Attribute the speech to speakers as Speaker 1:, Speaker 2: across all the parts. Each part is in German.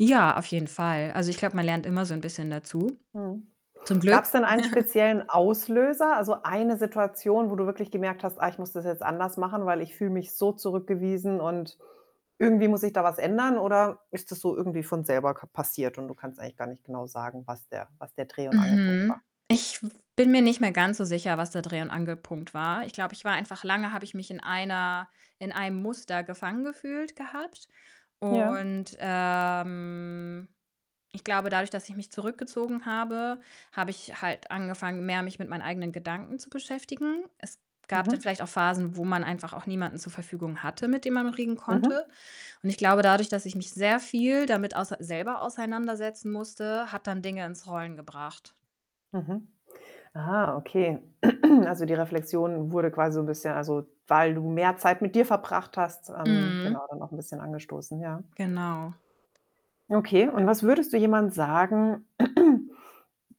Speaker 1: Ja, auf jeden Fall. Also, ich glaube, man lernt immer so 'n bisschen dazu,
Speaker 2: Mhm.
Speaker 1: zum
Speaker 2: Gab's
Speaker 1: Glück.
Speaker 2: denn einen speziellen Auslöser? Also, eine Situation, wo du wirklich gemerkt hast: „Ah, ich muss das jetzt anders machen, weil ich fühle mich so zurückgewiesen und irgendwie muss sich da was ändern?“ Oder ist das so irgendwie von selber ka passiert und du kannst eigentlich gar nicht genau sagen, was der was der Dreh und Angelpunkt war?
Speaker 1: Mhm. Ich bin mir nicht mehr ganz so sicher, was da der Dreh und Angelpunkt war. Ich glaube, ich war einfach lange habe ich mich in einer in einem Muster gefangen gefühlt gehabt
Speaker 2: Ja.
Speaker 1: und, ähm, ich glaube, dadurch, dass ich mich zurückgezogen habe, habe ich halt angefangen, mehr mich mit meinen eigenen Gedanken zu beschäftigen. Es gab dann
Speaker 2: Mhm.
Speaker 1: vielleicht auch Phasen, wo man einfach auch niemanden zur Verfügung hatte, mit dem man reden konnte
Speaker 2: Mhm.
Speaker 1: und ich glaube, dadurch, dass ich mich sehr viel damit auser selber auseinandersetzen musste, hat dann Dinge ins Rollen gebracht.
Speaker 2: Mhm. Ah, okay. Also, die Reflexion wurde quasi so 'n bisschen also, weil du mehr Zeit mit dir verbracht hast, ähm,
Speaker 1: Mhm.
Speaker 2: genau, dann noch 'n bisschen angestoßen, ja.
Speaker 1: Genau.
Speaker 2: Okay und was würdest du jemandem sagen,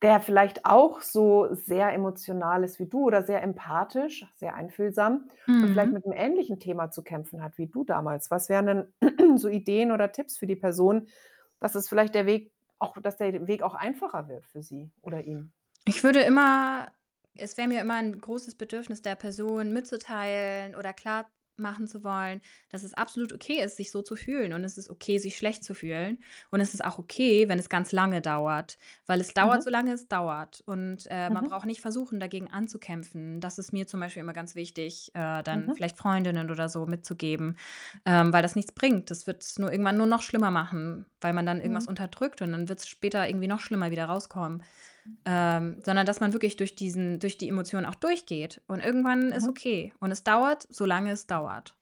Speaker 2: der vielleicht auch so sehr emotional ist wie du oder sehr empathisch, sehr einfühlsam und vielleicht
Speaker 1: Mhm.
Speaker 2: mit'm ähnlichen Thema zu kämpfen hat wie du damals. Was wären dann so Ideen oder Tipps für die Person? Was ist vielleicht der Weg auch, dass der den Weg auch einfacher wird für sie oder ihn?
Speaker 1: Ich würde immer es wäre mir immer 'n großes Bedürfnis, der Person mitzuteilen oder klarmachen zu wollen, dass es absolut okay ist, sich so zu fühlen und es ist okay, sich schlecht zu fühlen und es ist auch okay, wenn es ganz lange dauert. Weil es dauert,
Speaker 2: Mhm.
Speaker 1: solange es dauert und, äh, man
Speaker 2: Mhm.
Speaker 1: braucht nicht versuchen, dagegen anzukämpfen. Das ist mir zum Beispiel immer ganz wichtig, äh, dann
Speaker 2: Mhm.
Speaker 1: vielleicht Freundinnen oder so mitzugeben, ähm, weil das nichts bringt. Das wird's nur irgendwann nur noch schlimmer machen, weil man dann irgendwas
Speaker 2: Mhm.
Speaker 1: unterdrückt und dann wird's später irgendwie noch schlimmer wieder rauskommen. Ähm, sondern dass man wirklich durch diesen durch die Emotion auch durchgeht und irgendwann ist
Speaker 2: Mhm.
Speaker 1: okay und es dauert, solange es dauert.